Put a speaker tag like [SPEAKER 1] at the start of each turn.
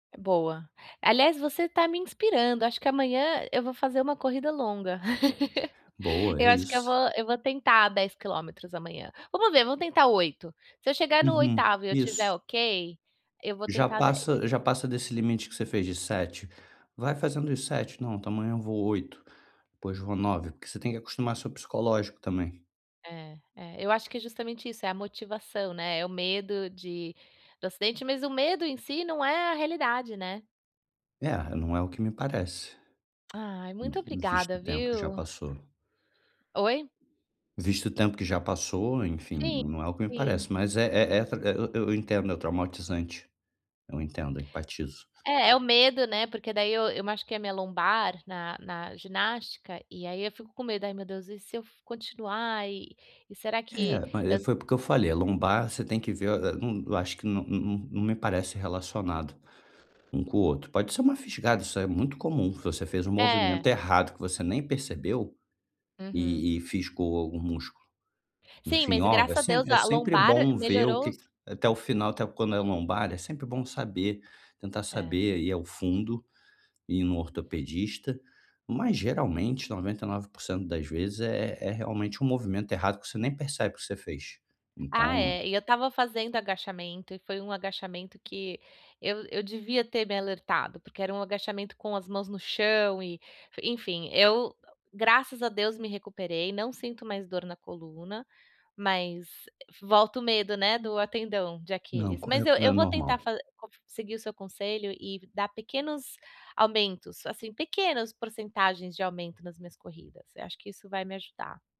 [SPEAKER 1] Boa. Aliás, você tá me inspirando, acho que amanhã eu vou fazer uma corrida longa.
[SPEAKER 2] Boa, é
[SPEAKER 1] Eu acho que eu
[SPEAKER 2] isso.
[SPEAKER 1] vou eu vou tentar 10 quilômetros amanhã. Vamos ver, vamos tentar 8, se eu chegar no
[SPEAKER 2] Uhum,
[SPEAKER 1] 8º e eu
[SPEAKER 2] isso.
[SPEAKER 1] estiver ok, eu vou
[SPEAKER 2] Já
[SPEAKER 1] tentar 10.
[SPEAKER 2] passa já passa desse limite que você fez de 7. Vai fazendo os 7, "Não, então amanhã eu vou 8, depois vou 9", porque você tem que acostumar seu psicológico também.
[SPEAKER 1] É é, eu acho que justamente isso, é a motivação, né, é o medo de do acidente, mas o medo em si não é a realidade, né.
[SPEAKER 2] É, não é o que me parece
[SPEAKER 1] Ai, muito
[SPEAKER 2] uhum, visto
[SPEAKER 1] obrigada,
[SPEAKER 2] o tempo que já
[SPEAKER 1] viu.
[SPEAKER 2] passou.
[SPEAKER 1] Oi?
[SPEAKER 2] Visto o tempo que já passou, enfim,
[SPEAKER 1] Sim,
[SPEAKER 2] não é o que me
[SPEAKER 1] sim.
[SPEAKER 2] parece, mas é é é tra eu eu eu entendo, é traumatizante. Eu entendo, eu empatizo.
[SPEAKER 1] É, é o medo, né, porque daí eu eu machuquei a minha lombar na na ginástica, e aí eu fico com medo. "Ai, meu Deus, e se eu f continuar e e será que
[SPEAKER 2] É, mas e
[SPEAKER 1] eu"
[SPEAKER 2] foi porque eu falei, a lombar você tem que ver eu a eu acho que não não não me parece relacionado um com o outro. Pode ser uma fisgada, isso é muito comum, se você fez um
[SPEAKER 1] É.
[SPEAKER 2] movimento errado que você nem percebeu
[SPEAKER 1] Uhum.
[SPEAKER 2] e e fisgou algum músculo,
[SPEAKER 1] Sim,
[SPEAKER 2] enfim.
[SPEAKER 1] mas e
[SPEAKER 2] Ó, é
[SPEAKER 1] graças a Deus,
[SPEAKER 2] sempre é
[SPEAKER 1] a
[SPEAKER 2] sempre é
[SPEAKER 1] lombar
[SPEAKER 2] bom ver o
[SPEAKER 1] melhorou se
[SPEAKER 2] que até o final até quando é a lombar, é sempre bom saber, tentar
[SPEAKER 1] É.
[SPEAKER 2] saber, ir ao fundo, ir num ortopedista, mas geralmente 99% das vezes é é realmente um movimento errado que você nem percebe que você fez,
[SPEAKER 1] Ah,
[SPEAKER 2] então
[SPEAKER 1] é, e eu estava fazendo agachamento e foi um agachamento que eu eu devia ter me alertado, porque era um agachamento com as mãos no chão e, enfim, eu graças a Deus me recuperei, não sinto mais dor na coluna, mas volta o medo, né, do tendão de
[SPEAKER 2] Não,
[SPEAKER 1] Aquiles. Mas
[SPEAKER 2] correto,
[SPEAKER 1] eu
[SPEAKER 2] não
[SPEAKER 1] eu
[SPEAKER 2] é
[SPEAKER 1] vou tentar
[SPEAKER 2] normal.
[SPEAKER 1] fa co seguir o seu conselho e dar pequenos aumentos, assim, pequenas porcentagens de aumento nas minhas corridas, eu acho que isso vai me ajudar.